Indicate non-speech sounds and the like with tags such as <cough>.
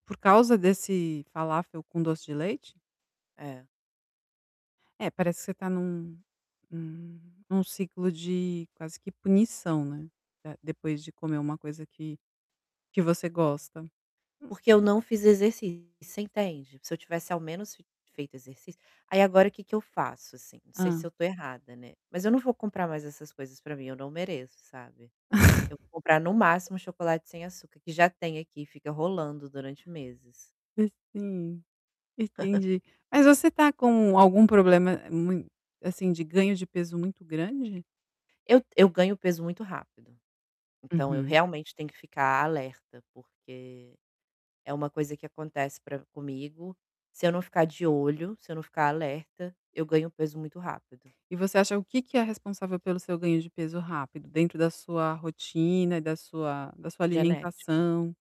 Por causa desse falafel com doce de leite? É. É, parece que você está num num num ciclo de quase que punição, né, eh, depois de comer uma coisa que que você gosta. Hum. Porque eu não fiz exercício, você entende? Se eu tivesse ao menos fe feito exercício aí, agora que que eu faço, assim? Não sei se eu Hã. estou errada, né, mas eu não vou comprar mais essas coisas para mim, eu não mereço, sabe? Eu vou <chuckles> comprar no máximo chocolate sem açúcar que já tem aqui e fica rolando durante meses. Ah, sim, <chuckles> entendi. Mas você está com algum problema mui assim, de ganho de peso muito grande? Eu eu ganho peso muito rápido. Então eu Uhum. realmente tenho que ficar alerta, porque é uma coisa que acontece pra comigo, se eu não ficar de olho, se eu não ficar alerta, eu ganho peso muito rápido. E você acha o que que é responsável pelo seu ganho de peso rápido dentro da sua rotina, da sua da sua Genética. alimentação?